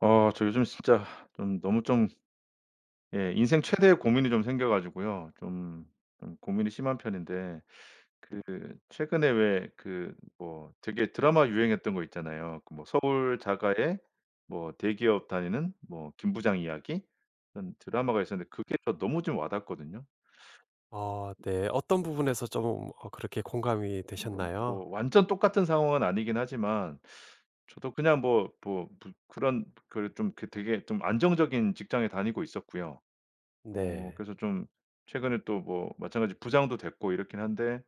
어 저 요즘 진짜 좀 너무 좀 예 인생 최대의 고민이 좀 생겨 가지고요. 좀, 좀 고민이 심한 편인데 그 최근에 왜 그 뭐 되게 드라마 유행했던 거 있잖아요. 그 뭐 서울 자가의 뭐 대기업 다니는 뭐 김부장 이야기? 이런 드라마가 있었는데 그게 저 너무 좀 와닿거든요. 어 네. 어떤 부분에서 조금 어 그렇게 공감이 물론 되셨나요? 뭐 완전 똑같은 상황은 아니긴 하지만 저도 그냥 뭐, 뭐 부 그런, 그런 좀 그 되게 좀 안정적인 직장에 다니고 있었고요. 어 네. 그래서 좀 최근에 또 뭐 마찬가지로 부장도 됐고 이렇긴 한데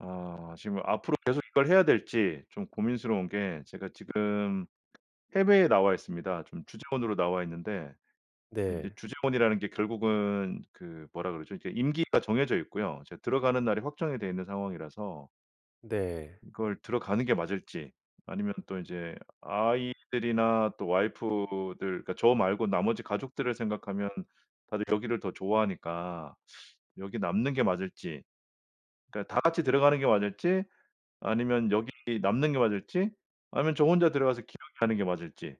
아 지금 앞으로 계속 이걸 해야 될지 좀 고민스러운 게 제가 지금 해외에 나와 있습니다. 좀 주재원으로 나와 있는데. 근데 인제 네. 주재원이라는 게 결국은 그 뭐라 그러죠? 이제 임기가 정해져 있고요. 이제 들어가는 날이 확정이 돼 있는 상황이라서 네. 이걸 들어가는 게 맞을지 아니면 또 이제 아이들이나 또 와이프들 그러니까 저 말고 나머지 가족들을 생각하면 다들 여기를 더 좋아하니까 여기 남는 게 맞을지. 그러니까 다 같이 들어가는 게 맞을지 아니면 여기 남는 게 맞을지 아니면 저 혼자 들어가서 기러기 하는 게 맞을지.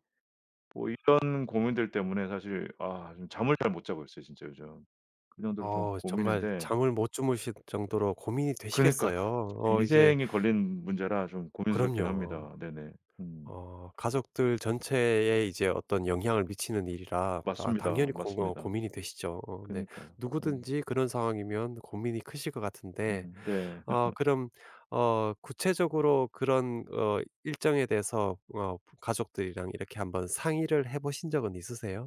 뭐 이런 고민들 때문에 사실 아 좀 잠을 잘 못 자고 있어요 진짜 요즘. 그 정도로 좀 어 정말 고민인데 잠을 못 주무실 정도로 고민이 그러니까요. 되시겠어요. 어 이제 인생이 걸린 문제라 좀 고민스럽긴 그럼요. 합니다. 네네. 음. 어 가족들 전체에 이제 어떤 영향을 미치는 일이라 아 당연히 맞습니다, 공 어 맞습니다. 고민이 되시죠. 어 네 그러니까요. 어. 누구든지 그런 상황이면 고민이 크실 것 같은데. 음 네. 어 [unintelligible] 그럼 어 구체적으로 그런 어 일정에 대해서 어 가족들이랑 이렇게 한번 상의를 해 보신 적은 있으세요?